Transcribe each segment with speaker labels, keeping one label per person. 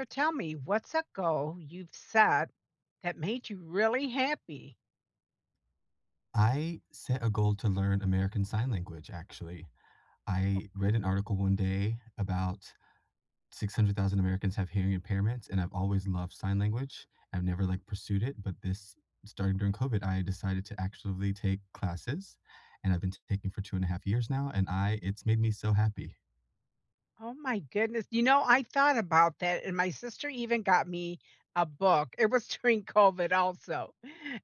Speaker 1: So tell me, what's a goal you've set that made you really happy?
Speaker 2: I set a goal to learn American Sign Language, actually.
Speaker 1: Oh,
Speaker 2: I read an
Speaker 1: cool.
Speaker 2: article one day about 600,000 Americans have hearing impairments, and I've always loved sign language. I've never, like, pursued it, but this starting during COVID, I decided to actually take classes. And I've been taking for 2.5 years now, and I it's made me so happy.
Speaker 1: Oh my goodness. You know, I thought about that, and my sister even got me a book, it was during COVID also,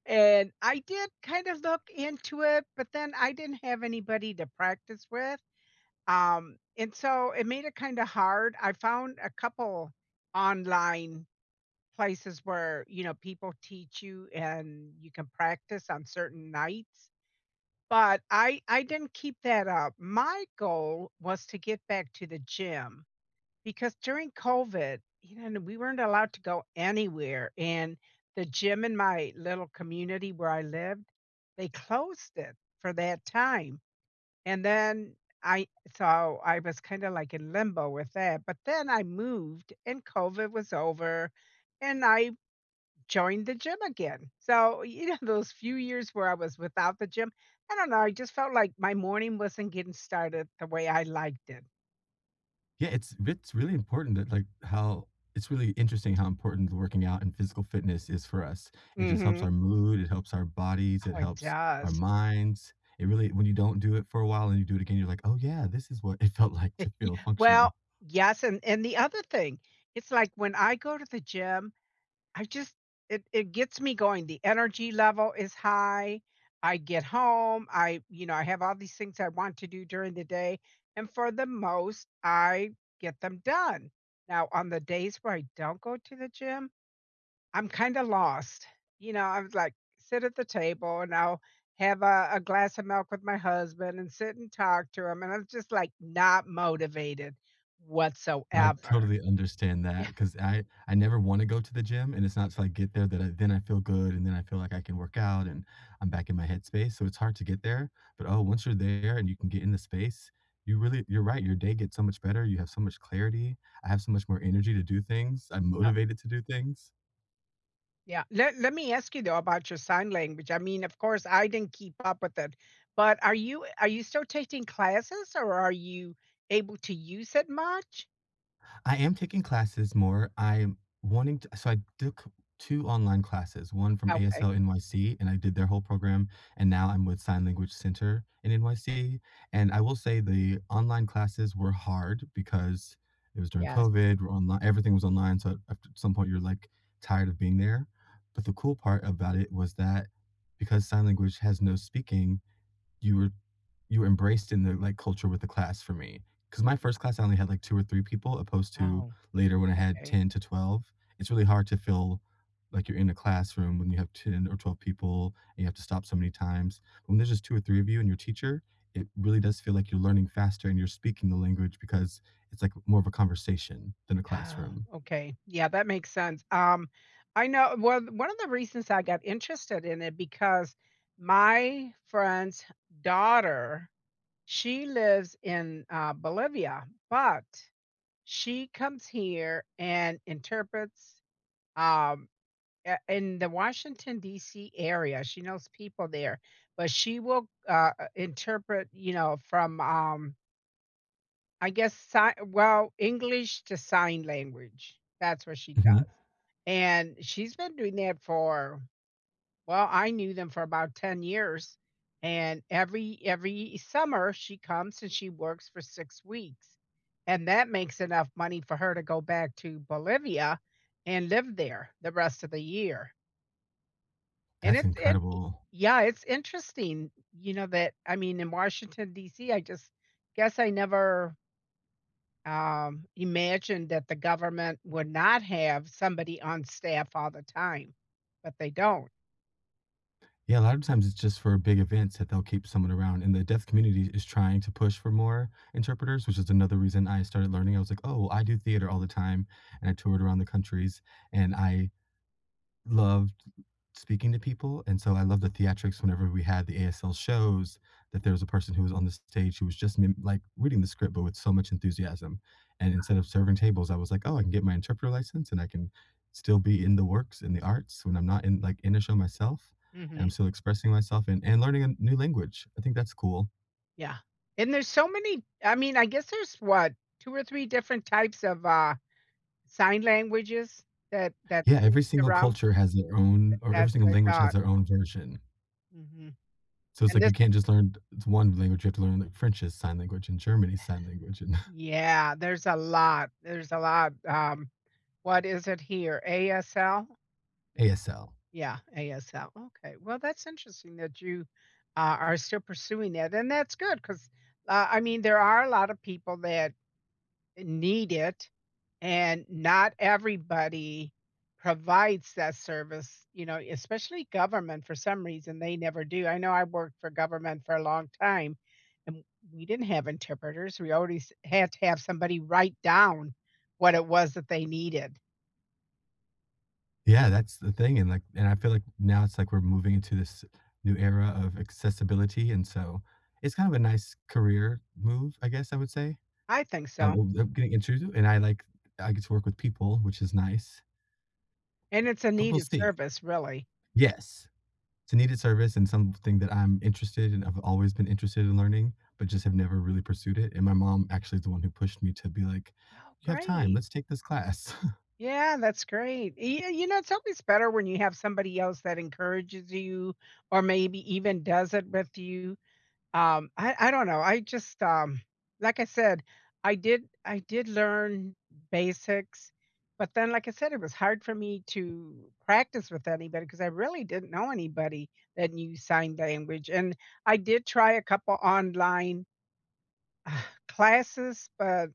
Speaker 1: and I did kind of look into it, but then I didn't have anybody to practice with, um, and so it made it kinda hard. I found a couple online places where, you know, people teach you and you can practice on certain nights, but I I didn't keep that up. My goal was to get back to the gym because during COVID, you know, we weren't allowed to go anywhere, and the gym in my little community where I lived, they closed it for that time. And then I so, I was kinda like in limbo with that, but then I moved and COVID was over, and I joined the gym again. So, you know, those few years where I was without the gym, I don't know, I just felt like my morning wasn't getting started the way I liked it.
Speaker 2: Yeah, it's if it's really important that, like, how it's really interesting how important working out and physical fitness is for us, it just helps
Speaker 1: Mhm.
Speaker 2: our mood, it helps our bodies, it
Speaker 1: Oh, it
Speaker 2: helps our
Speaker 1: does.
Speaker 2: minds, it really when you don't do it for a while and you do it again, you're like, "Oh, yeah. This is what it felt like to feel
Speaker 1: Well,
Speaker 2: functional.
Speaker 1: yes, and and the other thing, it's like when I go to the gym, I just it it gets me going, the energy level is high, I get home, I you know, I have all these things I want to do during the day, and for the most, I get them done. Now, on the days where I don't go to the gym, I'm kinda lost, you know, I was like, sit at the table and I'll have a a glass of milk with my husband, and sit and talk to him, and I'm just, like, not motivated,
Speaker 2: I
Speaker 1: whatsoever.
Speaker 2: totally understand
Speaker 1: Yeah.
Speaker 2: that, 'cause I I never wanna go to the gym, and it's not till I get there that I then I feel good, and then I feel like I can work out, and I'm back in my headspace, so it's hard to get there. But, oh, once you're there and you can get in the space, you really You're right. Your day gets so much better, you have so much clarity, I have so much more energy to do things, I'm
Speaker 1: A
Speaker 2: motivated to do things.
Speaker 1: Yeah. Let let me ask you, though, about your sign language. I mean, of course, I didn't keep up with it, but are you are you still taking classes, or are you able to use it much?
Speaker 2: I am taking classes more, I'm wanting to So I took 2 online classes, 1 from
Speaker 1: Okay.
Speaker 2: ASL NYC, and I did their whole program. And now I'm with Sign Language Center in NYC. And I will say the online classes were hard because it was during
Speaker 1: Yes.
Speaker 2: COVID, we're onli everything was online, so after some point, you're, like, tired of being there. But the cool part about it was that, because sign language has no speaking, you were you were embraced in the, like, culture with the class for me. 'Cause my 1st class, I only had, like, 2 or 3 people, opposed to
Speaker 1: Oh,
Speaker 2: later when I had
Speaker 1: okay.
Speaker 2: 10 to 12. It's really hard to feel like you're in a classroom when you have 10 or 12 people and you have to stop so many times. When there's just 2 or 3 of you and your teacher, it really does feel like you're learning faster and you're speaking the language because it's, like, more of a conversation than a
Speaker 1: Oh,
Speaker 2: classroom.
Speaker 1: okay. Yeah, that makes sense. Um, I know one one of the reasons I got interested in it because my friend's daughter, she lives in, uh, Bolivia, but, she comes here and interprets, um, eh, in the Washington DC area, she knows people there. But she will, uh, i interpret, you know, from, um I guess, si well, English to sign language, that's what she does.
Speaker 2: Mhm.
Speaker 1: And she's been doing that for Well, I knew them for about 10 years, and every every summer, she comes and she works for 6 weeks, and that makes enough money for her to go back to Bolivia and live there the rest of the year. And
Speaker 2: That's
Speaker 1: it's int e
Speaker 2: incredible.
Speaker 1: Yeah, it's interesting, you know, that I mean, in Washington DC, I just guess I never um, imagined that the government would not have somebody on staff all the time, but they don't.
Speaker 2: Yeah. A lot of times, it's just for big events that they'll keep someone around, and the deaf community is trying to push for more interpreters, which is another reason I started learning. I was, like, "Oh, I do theater all the time," and I toured around the countries. And I loved speaking to people, and so, I love the theatrics whenever we had the ASL shows, that there was a person who was on the stage who was just mim like, reading the script but with so much enthusiasm, and instead of serving tables, I was, like, "Oh, I can get my interpreter license, and I can still be in the works, in the arts when I'm not in, like, in a show, myself, and I'm
Speaker 1: Mhm.
Speaker 2: still expressing myself and and learning a new language." I think that's cool.
Speaker 1: Yeah, and there's so many I mean, I guess there's, what, 2 or 3 different types of, uh, sign languages that that's
Speaker 2: Yeah, every
Speaker 1: used
Speaker 2: single
Speaker 1: around.
Speaker 2: culture has their
Speaker 1: Th
Speaker 2: own or every
Speaker 1: that's
Speaker 2: single
Speaker 1: what I
Speaker 2: language has
Speaker 1: thought.
Speaker 2: their own version.
Speaker 1: Mhm,
Speaker 2: So, it's,
Speaker 1: and
Speaker 2: like,
Speaker 1: this
Speaker 2: you can't just learn the 1 language, you have to learn, like, French's sign language and Germany's sign language.
Speaker 1: Yeah, there's a lot, there's a lot, um. What is it here? ASL?
Speaker 2: ASL.
Speaker 1: Yeah, ASL, okay. Well, that's interesting that you a are still pursuing that, and that's good 'cause, uh, I mean, there are a lotta people that need it and not everybody provides that service, you know, especially government for some reason, they never do. I know I worked for government for a long time, and we didn't have interpreters, we already s had to have somebody write down what it was that they needed.
Speaker 2: Yeah, that's the thing, and, like and I feel like now it's, like, we're moving into this new era of accessibility, and so it's kind of a nice career move, I guess, I would say.
Speaker 1: I think
Speaker 2: I'm,
Speaker 1: so.
Speaker 2: uh, uh, getting introduced to it and I like I get to work with people, which is nice
Speaker 1: And it's a
Speaker 2: but we'll
Speaker 1: needed
Speaker 2: see.
Speaker 1: service, really.
Speaker 2: Yes. It's a needed service and something that I'm interested and I've always been interested in learning, but just have never really pursued it, and my mom actually is the one who pushed me to be like,
Speaker 1: Oh,
Speaker 2: "You have time,
Speaker 1: great.
Speaker 2: let's take this class."
Speaker 1: Yeah, that's great. Y yeah, you know, it's always better when you have somebody else that encourages you or maybe even does it with you. Um, I I don't know, I just, um, like I said, I did I did learn basics, but then, like I said, it was hard for me to practice with anybody 'cause I really didn't know anybody that knew sign language, and I did try a couple online ugh, classes, but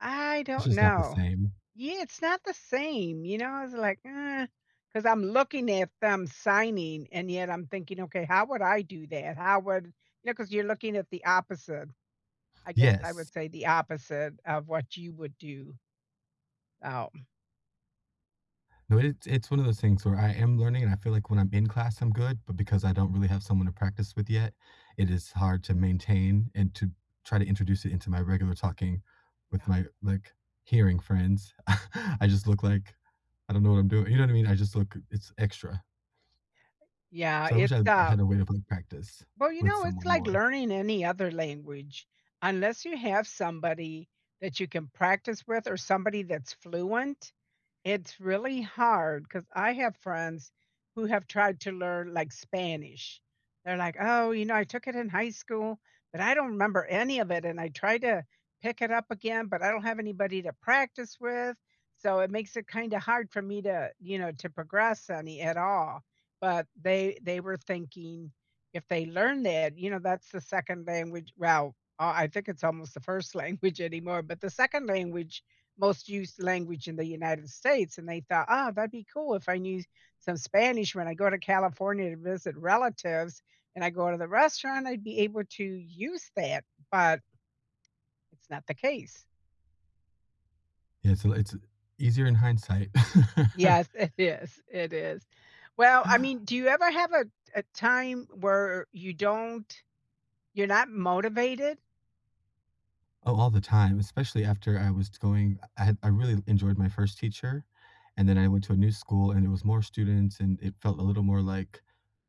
Speaker 1: I
Speaker 2: It's
Speaker 1: don't
Speaker 2: just not the
Speaker 1: know.
Speaker 2: same.
Speaker 1: Yeah, it's not the same, you know. I was like, "Uh," 'cause I'm looking at them signing, and yet I'm thinking, "Okay, how would I do that? How would" you know, 'cause you're looking at the opposite. I guess, I would
Speaker 2: Yes.
Speaker 1: say the opposite of what you would do. Oh.
Speaker 2: No, it's it's one of those things where I am learning, and I feel like when I'm in class, I'm good, but because I don't really have someone to practice with yet, it is hard to maintain and to try to introduce it into my regular talking with
Speaker 1: Yeah.
Speaker 2: my, like, hearing friends. I just look like I don't know what I'm doing, you know what I mean? I just look it's extra.
Speaker 1: Yeah,
Speaker 2: So I wish
Speaker 1: it's,
Speaker 2: I had
Speaker 1: uh
Speaker 2: had a way of, like, practice
Speaker 1: Well, you
Speaker 2: with
Speaker 1: know, it's
Speaker 2: someone
Speaker 1: like
Speaker 2: more.
Speaker 1: learning any other language Unless you have somebody that you can practice with or somebody that's fluent, it's really hard 'cause I have friends who have tried to learn, like, Spanish. They're like, "Oh, you know, I took it in high school, but I don't remember any of it, and I tried to pick it up again, but I don't have anybody to practice with. So it makes it kinda hard for me to, you know, to progress any at all." But they they were thinking if they learn that, you know, that's the second language well, I think it's almost the first language anymore, but the second language, most used language in the United States, and they thought, "Oh, that'd be cool if I knew some Spanish when I go to California to visit relatives. And I go to the restaurant, I'd be able to use that," but it's not the case.
Speaker 2: Yeah, so, li it's easier in hindsight.
Speaker 1: Yes, it is. It is. Well, I mean, do you ever have a a time where you don't you're not motivated?
Speaker 2: Oh, all the time, especially after I was going I had I really enjoyed my first teacher, and then I went to a new school, and it was more students, and it felt a little more, like,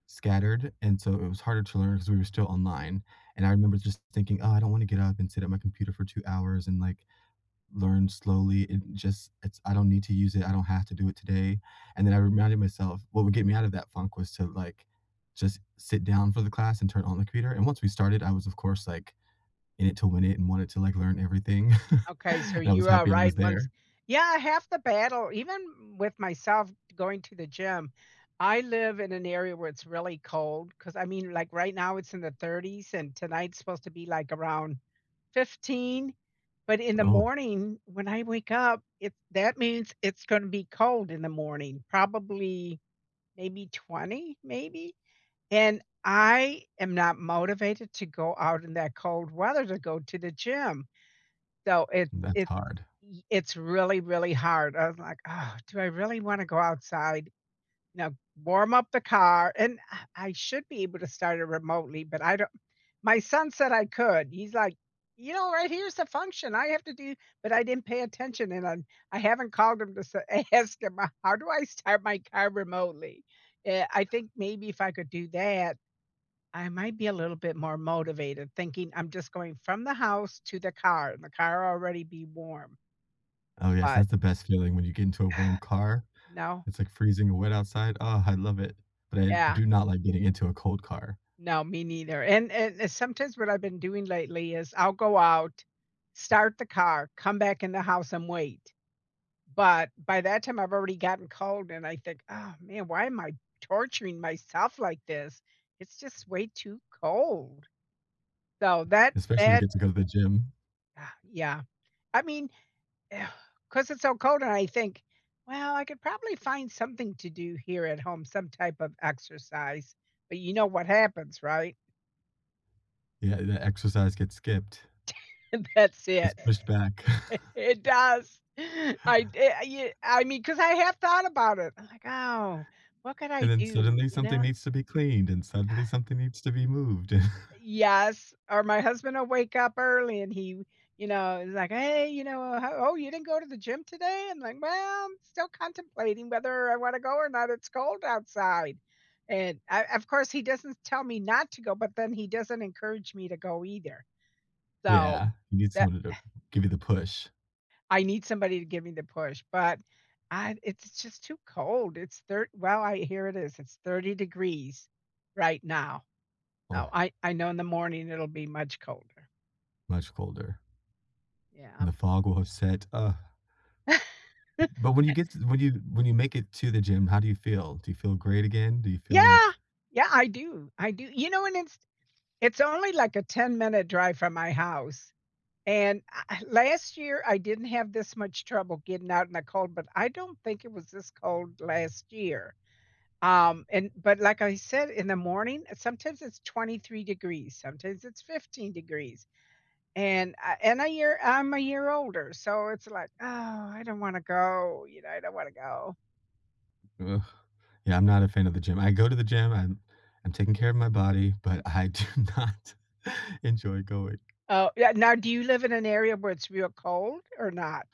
Speaker 2: scattered, and so it was harder to learn 'cause we were still online, and I remember just thinking, "Oh, I don't wanna get up and sit at my computer for 2 hours and, like, learn slowly it just it's I don't need to use it, I don't have to do it today." And then I reminded myself what would get me out of that funk was to like, just sit down for the class and turn on the computer, and once we started, I was, of course, like, in it to win it and wanted to, like, learn everything,
Speaker 1: Okay, so
Speaker 2: and I was
Speaker 1: you are
Speaker 2: happy I was
Speaker 1: right once
Speaker 2: there.
Speaker 1: yeah half the battle even with myself going to the gym, I live in an area where it's really cold 'cause, I mean, like, right now, it's in the 30s, and tonight's supposed to be, like, around 15, but in the
Speaker 2: Oh.
Speaker 1: morning, when I wake up, it that means it's gonna be cold in the morning, probably maybe 20, maybe, and I am not motivated to go out in that cold weather to go to the gym. So it's
Speaker 2: That's
Speaker 1: it's
Speaker 2: hard.
Speaker 1: it's really, really hard, I was like, "Ugh. Do I really wanna go outside?" Now warm up the car, and, ah, I should be able to start it remotely, but I don't my son said I could, he's like, "You know, right here is the function I have to do" but I didn't pay attention, and I'm I haven't called him to sa ask him, how do I start my car remotely? Eh, I think maybe if I could do that, I might be a little bit more motivated thinking I'm just going from the house to the car and the car already be warm.
Speaker 2: Oh, yes.
Speaker 1: But
Speaker 2: That's the best feeling when you get into a warm car.
Speaker 1: No.
Speaker 2: It's, like, freezing and wet outside, oh, I love it. But I
Speaker 1: Yeah.
Speaker 2: do not like getting into a cold car.
Speaker 1: No, me neither, and and and sometimes what I've been doing lately is I'll go out, start the car, come back in the house, and wait. But by that time, I've already gotten cold and I think, "Oh, man. Why am I torturing myself like this? It's just way too cold." So that
Speaker 2: Especially to
Speaker 1: that,
Speaker 2: get to go to the gym.
Speaker 1: ah, yeah. I mean, ugh, 'cause it's so cold, and I think, "Well, I could probably find something to do here at home, some type of exercise, but you know what happens, right?
Speaker 2: Yeah, the exercise gets skipped.
Speaker 1: That's
Speaker 2: Gets
Speaker 1: it.
Speaker 2: pushed back.
Speaker 1: It does. I y y I mean, 'cause I have thought about it, like, "Oh, what can I
Speaker 2: And then
Speaker 1: do?"
Speaker 2: suddenly
Speaker 1: You
Speaker 2: something
Speaker 1: know?
Speaker 2: needs to be cleaned, and suddenly something needs to be moved.
Speaker 1: Eh yes, or my husband will wake up early and he you know, is, like, "Hey," you know, "ho oh, you didn't go to the gym today?" And, I'm "Well, I'm still contemplating whether I wanna go or not, it's cold outside." And, o of course, he doesn't tell me not to go, but then he doesn't encourage me to go either. So
Speaker 2: Yeah. You need
Speaker 1: that
Speaker 2: someone
Speaker 1: eh
Speaker 2: to give you the push.
Speaker 1: I need somebody to give me the push, but I it's just too cold, it's thir well, I here it is, it's 30 degrees right now so,
Speaker 2: Oh.
Speaker 1: I I know in the morning, it'll be much colder.
Speaker 2: Much colder.
Speaker 1: Yeah.
Speaker 2: And the fog will have set, ugh. B but when you get t when you when you make it to the gym, how do you feel? Do you feel great again? Do you feel
Speaker 1: Yeah.
Speaker 2: like
Speaker 1: Yeah, I do, I do. You know, and it's it's only, like, a 10 minute drive from my house. And eh last year, I didn't have this much trouble getting out in the cold, but I don't think it was this cold last year. Um and but like I said, in the morning, sometimes it's 23 degrees, sometimes it's 15 degrees. And I in a year I'm a year older, so it's, like, "Oh, I don't wanna go," you know, "I don't wanna go."
Speaker 2: Yeah, I'm not a fan of the gym. I go to the gym, I'm I'm taking care of my body, but I do not enjoy going.
Speaker 1: Oh, yeah now do you live in an area where it's real cold or not?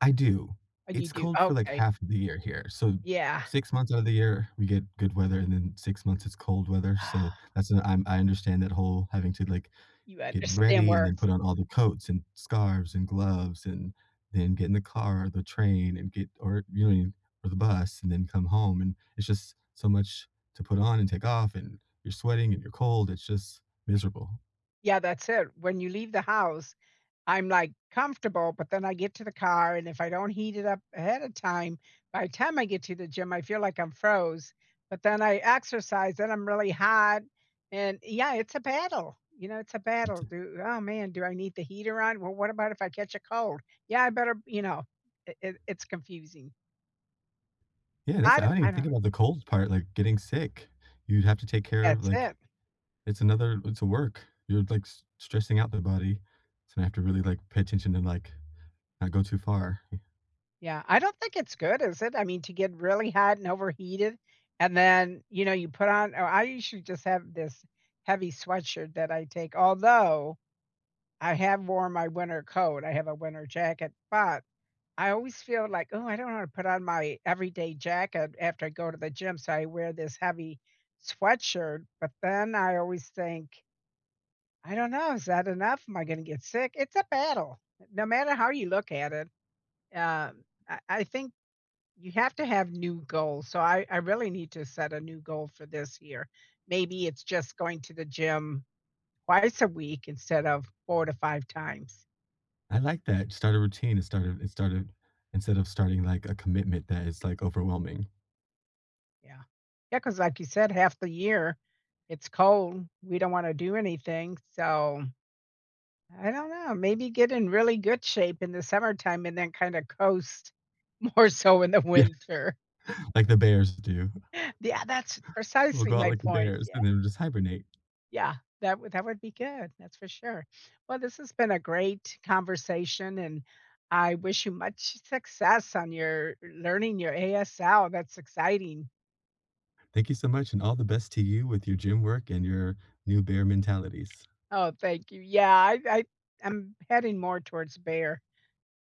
Speaker 2: I do.
Speaker 1: Oh, you
Speaker 2: It's
Speaker 1: do?
Speaker 2: cold for, like,
Speaker 1: Okay.
Speaker 2: half of the year here. So,
Speaker 1: Yeah.
Speaker 2: 6 months outta the year, we get good weather, and then 6 months, it's cold weather, so that's I'm I understand that whole, having to, like,
Speaker 1: You
Speaker 2: get
Speaker 1: understand
Speaker 2: ready and
Speaker 1: where
Speaker 2: then put on all the coats and scarves and gloves and then get in the car or the train and get or, you know, or the bus and then come home, and it's just so much to put on and take off, and you're sweating and you're cold, it's just miserable.
Speaker 1: Yeah, that's it. When you leave the house, I'm, like, comfortable, but then I get to the car, and if I don't heat it up ahead of time, by the time I get to the gym, I feel like I'm froze. But then I exercise, then I'm really hot, and, yeah, it's a battle, you know, it's a
Speaker 2: Me
Speaker 1: battle.
Speaker 2: too.
Speaker 1: Do "Oh, man, do I need the heater on? Well, what about if I catch a cold? Yeah, I better" you know, it it it's confusing.
Speaker 2: Yeah. That's
Speaker 1: I du
Speaker 2: I
Speaker 1: I
Speaker 2: didn't think
Speaker 1: dunno.
Speaker 2: about the cold part, like, getting sick. You'd have to take care of
Speaker 1: That's
Speaker 2: like
Speaker 1: it.
Speaker 2: it's another it's a work. You're, like, s stressing out their body, so I have to really, like, pay attention to, like, not go too far. Yeah.
Speaker 1: Yeah. I don't think it's good, is it? I mean, to get really hot and overheated, and then, you know, you put on oh, I usually just have this heavy sweatshirt that I take. Although, I have worn my winter coat. I have a winter jacket, but I always feel like, "Ooh, I don't wanna put on my everyday jacket after I go to the gym," so I wear this heavy sweatshirt. But then I always think "I dunno. Is that enough? Am I gonna get sick?" It's a battle. No matter how you look at it. Um, I I think you have to have new goals. So, I I really need to set a new goal for this year. Maybe it's just going to the gym twice a week instead of 4 to 5 times.
Speaker 2: I like that. Start a routine. It started it started instead of starting, like, a commitment that is, like, overwhelming.
Speaker 1: Yeah. Yeah, 'cause like you said, half the year, it's cold. We don't wanna do anything. So, I dunno. Maybe get in really good shape in the summertime and then kinda coast more so in the
Speaker 2: Yeah.
Speaker 1: winter.
Speaker 2: Like the bears do.
Speaker 1: Yeah. That's
Speaker 2: We'll
Speaker 1: precisely
Speaker 2: go out
Speaker 1: my
Speaker 2: like the
Speaker 1: point.
Speaker 2: bears,
Speaker 1: Yeah
Speaker 2: and then we'll just hibernate.
Speaker 1: Yeah. That would that would be good. That's for sure. Well, this has been a great conversation, and I wish you much s success on your learning your ASL. That's exciting.
Speaker 2: Thank you so much, and all the best to you with your gym work and your new bear mentalities.
Speaker 1: Oh, thank you. Yeah. I I I'm heading more towards bear.